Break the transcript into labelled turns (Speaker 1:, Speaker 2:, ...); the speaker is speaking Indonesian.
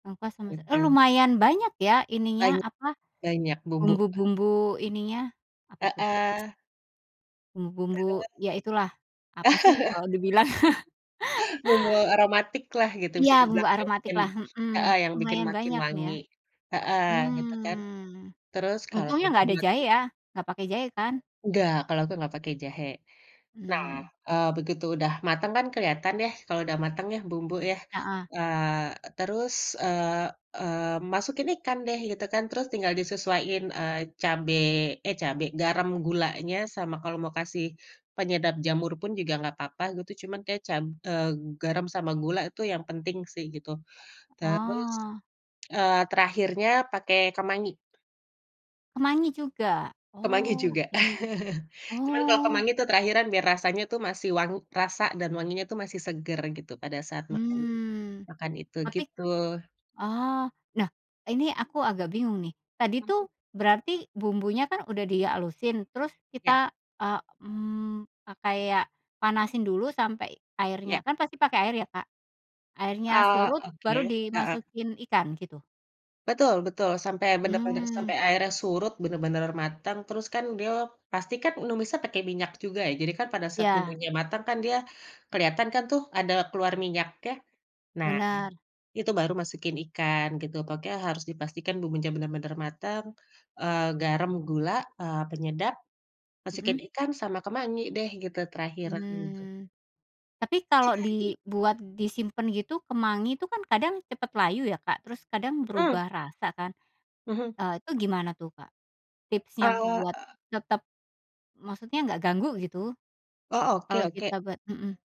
Speaker 1: Nangka sama s eee,
Speaker 2: Betul.
Speaker 1: lumayan banyak ya, ininya,
Speaker 2: Banyak
Speaker 1: apa,
Speaker 2: banyak bumbu.
Speaker 1: bumbu-bumbu ininya? Apa tuh?
Speaker 2: Heeh.
Speaker 1: Bumbu-bumbu,
Speaker 2: Terus.
Speaker 1: ya itulah, apa sih kalau dibilang?
Speaker 2: Bumbu aromatik lah gitu
Speaker 1: Iya,
Speaker 2: bisa
Speaker 1: bumbu
Speaker 2: dibilang yang
Speaker 1: aromatik
Speaker 2: bikin
Speaker 1: lah, mhm,
Speaker 2: heeh, yang bikin
Speaker 1: lumayan
Speaker 2: makin
Speaker 1: banyak nih ya.
Speaker 2: wangi, heeh, gitu kan,
Speaker 1: Hmm,
Speaker 2: terus kalau
Speaker 1: untungnya
Speaker 2: udah
Speaker 1: nggak ada jahe
Speaker 2: mateng
Speaker 1: ya, nggak pakai jahe kan?
Speaker 2: Enggak, kalau aku nggak pakai jahe. Nah,
Speaker 1: Mmm.
Speaker 2: eee, begitu udah mateng kan keliatan deh kalau udah mateng ya bumbu ya,
Speaker 1: Heeh.
Speaker 2: eee, terus, eee, eee, masukin ikan deh gitu kan, terus tinggal disesuaiin, eee, cabe eh cabe, garam, gulanya sama kalo mau kasih penyedap jamur pun juga nggak apa-apa gitu, cuman kayak cab eee, garam sama gula itu yang penting sih gitu. Terus,
Speaker 1: Oh.
Speaker 2: eee, terakhirnya pakai kemangi.
Speaker 1: Kemangi juga?
Speaker 2: Kemangi
Speaker 1: Oh,
Speaker 2: juga,
Speaker 1: oke.
Speaker 2: cuman kalau
Speaker 1: Oh.
Speaker 2: kemangi tuh terakhiran biar rasanya tuh masih wang rasa dan wanginya tuh masih segar gitu pada saat makan
Speaker 1: Mmm,
Speaker 2: makan itu,
Speaker 1: tapi
Speaker 2: gitu.
Speaker 1: oh, lah ini aku agak bingung nih. Tadi
Speaker 2: Mhm.
Speaker 1: tuh berarti bumbunya kan udah di halusin, terus
Speaker 2: Ya.
Speaker 1: kita, eee, mmm, pakai ya panasin dulu sampai
Speaker 2: Iya.
Speaker 1: airnya kan pasti pakai air ya Kak? Airnya
Speaker 2: A
Speaker 1: surut baru
Speaker 2: oke, heeh.
Speaker 1: dimasukin ikan, gitu?
Speaker 2: Betul betul, sampai bener-bener
Speaker 1: Hmm.
Speaker 2: sampainya air surut, benar-benar matang terus kan dia pastikan numisanya pakai minyak juga ya, jadi kan pada saat
Speaker 1: Iya.
Speaker 2: bumbunya matang kan dia keliatan kan tuh ada keluar minyaknya, nah
Speaker 1: Benar.
Speaker 2: itu baru masukin ikan, gitu. Pokoknya harus dipastikan bumbunya bener-bener matang, eee, garam, gula, eee, penyedap, masukin
Speaker 1: Mhm.
Speaker 2: ikan sama kemangi deh gitu terakhiran gitu.
Speaker 1: Hmm. Tapi kalau
Speaker 2: Jadi.
Speaker 1: dibuat disimpen gitu kemangi itu kan kadang cepat layu ya Kak, terus kadang
Speaker 2: Mhm.
Speaker 1: berubah rasa kan,
Speaker 2: Mhm.
Speaker 1: eee, itu gimana tuh, Kak? Tipsnya
Speaker 2: Eee,
Speaker 1: buat
Speaker 2: e
Speaker 1: tetap, maksudnya nggak ganggu gitu
Speaker 2: Oh, oke
Speaker 1: kalau
Speaker 2: oke.
Speaker 1: kita ba mhm.